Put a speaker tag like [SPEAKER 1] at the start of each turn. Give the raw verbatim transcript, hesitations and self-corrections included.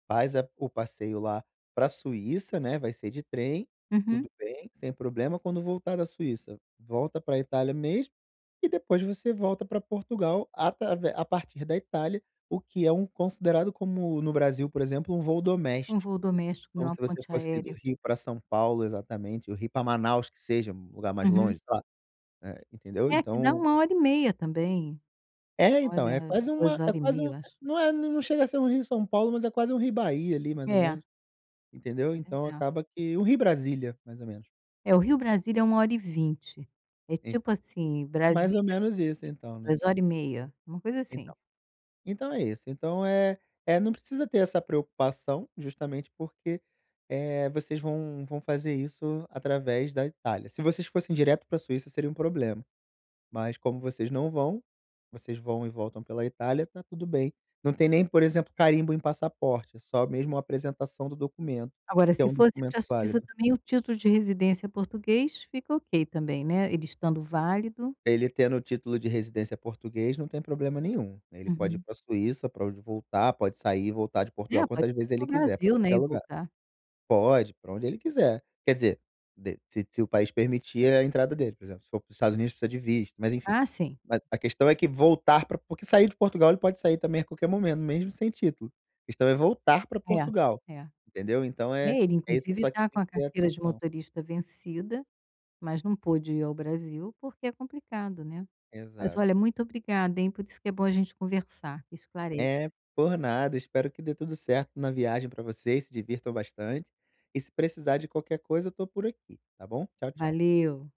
[SPEAKER 1] Faz a o passeio lá pra Suíça, né, vai ser de trem,
[SPEAKER 2] Uhum.
[SPEAKER 1] tudo bem, sem problema, quando voltar da Suíça, volta pra Itália mesmo, e depois você volta pra Portugal atravé a partir da Itália, o que é um considerado como, no Brasil, por exemplo, um voo
[SPEAKER 2] Um
[SPEAKER 1] doméstico,
[SPEAKER 2] voo doméstico em
[SPEAKER 1] como
[SPEAKER 2] uma
[SPEAKER 1] se você
[SPEAKER 2] ponte
[SPEAKER 1] fosse do
[SPEAKER 2] aérea.
[SPEAKER 1] Rio pra São Paulo, exatamente, ou Rio pra Manaus, que seja, um lugar mais
[SPEAKER 2] Uhum.
[SPEAKER 1] longe, sei lá, eh, entendeu,
[SPEAKER 2] É, que dá
[SPEAKER 1] então
[SPEAKER 2] uma hora e meia também.
[SPEAKER 1] É, então,
[SPEAKER 2] Olha,
[SPEAKER 1] é quase
[SPEAKER 2] duas
[SPEAKER 1] uma é
[SPEAKER 2] hora e
[SPEAKER 1] quase
[SPEAKER 2] meia,
[SPEAKER 1] um
[SPEAKER 2] eu acho.
[SPEAKER 1] não é, n não chega a ser um Rio-São Paulo, mas é quase um Rio-Bahia, ali, mais ou
[SPEAKER 2] É.
[SPEAKER 1] menos, entendeu. Então
[SPEAKER 2] [unintelligible]
[SPEAKER 1] acaba que um Rio-Brasília, mais ou menos.
[SPEAKER 2] É, o Rio-Brasília é uma hora e vinte. É tipo
[SPEAKER 1] Então,
[SPEAKER 2] assim,
[SPEAKER 1] é mais ou
[SPEAKER 2] Brasília
[SPEAKER 1] menos isso,
[SPEAKER 2] [unintelligible]
[SPEAKER 1] então, né.
[SPEAKER 2] duas hora e meia, uma coisa
[SPEAKER 1] Então
[SPEAKER 2] assim.
[SPEAKER 1] então é isso, então, eh eh, não precisa ter essa preocupação, justamente porque, eh, vocês vão vão fazer isso através da Itália. Se vocês fossem direto pra Suíça seria um problema, mas como vocês não vão, vocês vão e voltam pela Itália, tá tudo bem. Não tem nem, por exemplo, carimbo em passaporte, é só mesmo a apresentação do documento,
[SPEAKER 2] Agora
[SPEAKER 1] que é
[SPEAKER 2] se
[SPEAKER 1] um
[SPEAKER 2] fosse
[SPEAKER 1] documento
[SPEAKER 2] pra Suíça
[SPEAKER 1] válido.
[SPEAKER 2] também, o título de residência português fica ok também, né, ele estando válido?
[SPEAKER 1] Ele tendo o título de residência português não tem problema nenhum. Ele pode ir
[SPEAKER 2] Uhum.
[SPEAKER 1] pra Suíça, pra onde voltar, pode sair e voltar de
[SPEAKER 2] É,
[SPEAKER 1] Portugal
[SPEAKER 2] pode
[SPEAKER 1] quantas vezes
[SPEAKER 2] ser para
[SPEAKER 1] ele
[SPEAKER 2] o
[SPEAKER 1] quiser, pra
[SPEAKER 2] Brasil, né,
[SPEAKER 1] qualquer
[SPEAKER 2] e
[SPEAKER 1] lugar.
[SPEAKER 2] voltar.
[SPEAKER 1] Pode, pra onde ele quiser. Quer dizer, de se se o país permitir a entrada dele, por exemplo, se for para os Estados Unidos, precisa de visto, mas enfim.
[SPEAKER 2] Ah, sim.
[SPEAKER 1] Mas a questão é que voltar pra Por porque sair de Portugal, ele pode sair também a qualquer momento, mesmo sem título. A questão é voltar pra Portugal,
[SPEAKER 2] É, é.
[SPEAKER 1] entendeu, então é
[SPEAKER 2] É, ele
[SPEAKER 1] é isso
[SPEAKER 2] inclusive
[SPEAKER 1] só que
[SPEAKER 2] tá
[SPEAKER 1] tem
[SPEAKER 2] com a
[SPEAKER 1] que ter
[SPEAKER 2] carteira de
[SPEAKER 1] atenção.
[SPEAKER 2] motorista vencida, mas não pôde ir ao Brasil, porque é complicado, né. Mas
[SPEAKER 1] Exato.
[SPEAKER 2] olha, muito obrigada, hein, por isso que é bom a gente conversar, que esclarece.
[SPEAKER 1] É. Por nada, espero que dê tudo certo na viagem pra vocês, se divirtam bastante, e se precisar de qualquer coisa, eu tô por aqui, tá bom. Tchau, tchau.
[SPEAKER 2] Valeu.